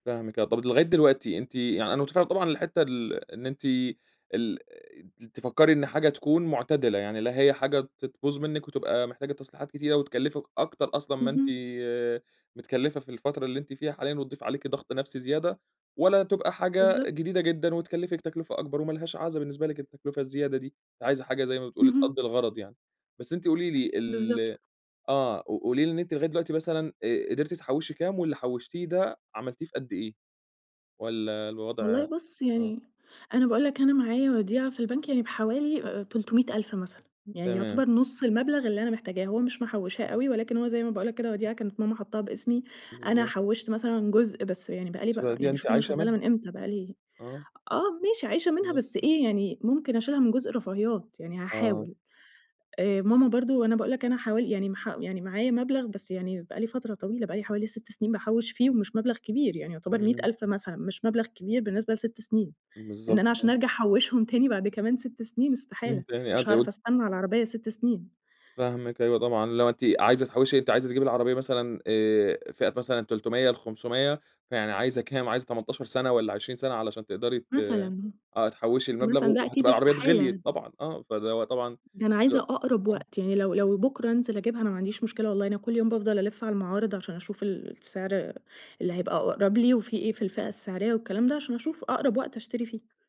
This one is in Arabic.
فاهمِك آه، طب أنتِ لغاية دلوقتي أنتِ يعني أنا مُتفهم طبعًا الحتة ال إن أنتِ ال ت تفكري إن حاجة تكون مُعتدلة؛ يعني لا هي حاجة ت تبوظ منِك وتبقى محتاجة تصليحات كتيرة وتكلفِك أكتر أصلًا ما أنتِ اهم. متكلفة في الفترة اللي أنتِ فيها حاليًا وتضيف عليكِ ضغط نفسي زيادة ولا تبقى حاجة بالضبط. جديدة جدًا وتكلفِك تكلفة أكبر وما لهاش عازة بالنسبة لك التكلفة الزيادة دي، أنتِ عايزة حاجة زي ما بتقولي اهم. تقضي الغرض يعني. بس أنتِ قولي لي ال بالضبط. آه، ق قولي لي إن أنتِ لغاية دلوقتي مثلًا آآ قدرتي تحوشي كام واللي حوشتيه ده عملتيه في قد إيه؟ والّا والله الوضع بص آه. يعني أنا باقول لك أنا معايا وديعة في البنك يعني بحوالي أ أ 300,000 مثلًا، يعني تمام. يُعتبر نص المبلغ اللي أنا محتاجاه، هو مش محوشاه أها. أوي ولكن هو زي ما باقول لك كده وديعة كانت ماما حاطاها بإسمي. أنا بالضبط. حوشت مثلًا جزء بس يعني بقى لي مش بقى هتاخديها، يعني أنتِ شوف أنا عايشة شغالة منها. من إمتى بقى لي آه. آه ماشي عايشة منها بالضبط، بس آه. إيه يعني ممكن أشيلها من جزء الرفاهيات، يعني آه. هاحاول، آآ ماما برضه أنا باقول لك أنا حوالي يعني مح يعني معايا مبلغ بس يعني بقى لي فترة طويلة بقى لي حوالي 6 سنين باحوش فيه ومش مبلغ كبير يعني يُعتبر مِية امم. ألف مثلًا مش مبلغ كبير بالنسبة ل6 سنين، إن بالضبط، أنا عشان آه. أرجع أحوشهم تاني بعد كمان 6 سنين استحالة، فهمت يعني، مش قد أقول هاعرف أستنى على العربية 6 سنين. فاهمِك أيوه طبعًا، اللي هو أنتِ عايزة تحوشي أنتِ عايزة تجيبي العربية مثلًا آآ فئة مثلًا 300 ل500 فيعني عايزة كام، عايزة 18 سنة والّا 20 سنة علشان تقدري ت مثلًا. آه تحوشى المبلغ مثلًا و ده وهتبقى أكيد العربيات غليت استحالة. طبعًا، آه، فده هو طبعًا ده أنا عايزة حلو أقرب آه. وقت، يعني لو لو بُكرة أنزِل أجيبها أنا ما عنديش مشكلة- والله- أنا كل يوم بافضل ألِّف على المعارض، عشان أشوف ال السعر اللي هيبقى أقرب لي وفي إيه في الفئة السعرية والكلام ده، عشان أشوف أقرب وقت أشتري فيه.